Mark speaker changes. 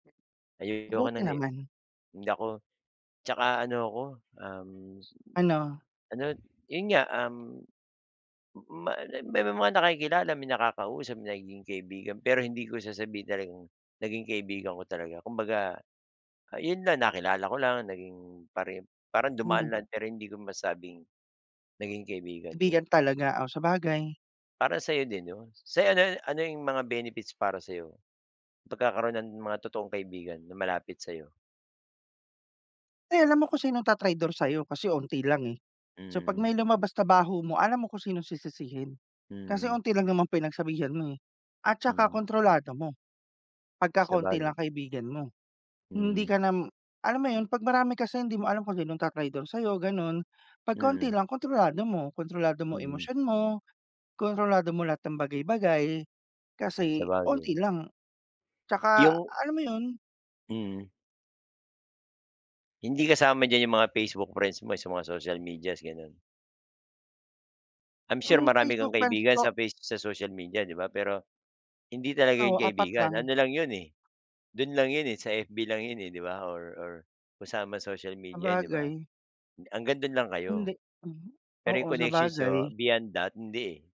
Speaker 1: Ayoko
Speaker 2: Buti
Speaker 1: ng. [unintelligible]
Speaker 2: naman.
Speaker 1: Hindi ako tsaka ano ako, um,
Speaker 2: Ano?
Speaker 1: ano, yun nga, um, ma may mga nakikilala, may nakakausap, nagiging kaibigan pero hindi ko sasabihin talagang, naging kaibigan ko talaga. Kumbaga, yon lang, nakilala ko lang, naging pare parang dumaan
Speaker 2: Mhm.
Speaker 1: lang pero hindi ko masabing, naging kaibigan ko.
Speaker 2: Kaibigan talaga? Oh, sabagay.
Speaker 1: Para sayo din yun. Se ano ano yung mga benefits para sayo? Yung pagkakaroon ng mga totoong kaibigan na malapit sayo?
Speaker 2: Ay alam mo kung sinong tatraydor sayo, kasi unti lang, eh. So 'pag
Speaker 1: Hmm.
Speaker 2: may lumabas na baho mo, alam mo kung sinong sisisihin. Kasi
Speaker 1: Hmm.
Speaker 2: unti lang naman pinagsabihan mo, eh. At saka
Speaker 1: Hmm.
Speaker 2: kontrolado mo, pagka konti lang
Speaker 1: Sabagay.
Speaker 2: kaibigan mo. Hindi
Speaker 1: Hmm.
Speaker 2: ka nam alam mo yun? 'Pag marami kasi, hindi mo alam kung sinong ta-traydor sayo, gano'n. 'Pag kaunti
Speaker 1: Mm.
Speaker 2: lang, kontrolado mo. Kontrolado mo
Speaker 1: Mm.
Speaker 2: emosyon mo, kontrolado mo lahat ng bagay-bagay, kasi
Speaker 1: Sabagay.
Speaker 2: unti lang. Tsaka
Speaker 1: Yung
Speaker 2: alam mo yun
Speaker 1: Mm. Hindi kasama diyan yung mga Facebook friends mo sa mga social medias, gano'n? I'm sure
Speaker 2: Yung
Speaker 1: marami kang
Speaker 2: Facebook friends
Speaker 1: kaibigan
Speaker 2: ko
Speaker 1: sa face sa social media, 'di ba? Pero, hindi talaga 'yon
Speaker 2: ano, 4
Speaker 1: kaibigan.
Speaker 2: lang.
Speaker 1: Ano lang 'yon, eh, do'n lang 'yon, eh, sa FB lang 'yon, eh, 'di ba? Or or kung saan mang social media, eh, 'di ba?
Speaker 2: Sabagay.
Speaker 1: Hanggang do'n lang
Speaker 2: Hindi.
Speaker 1: kayo.
Speaker 2: Mhm.
Speaker 1: Pero yung
Speaker 2: Oo,
Speaker 1: connections niyo
Speaker 2: sabagay.
Speaker 1: beyond that, hindi, eh.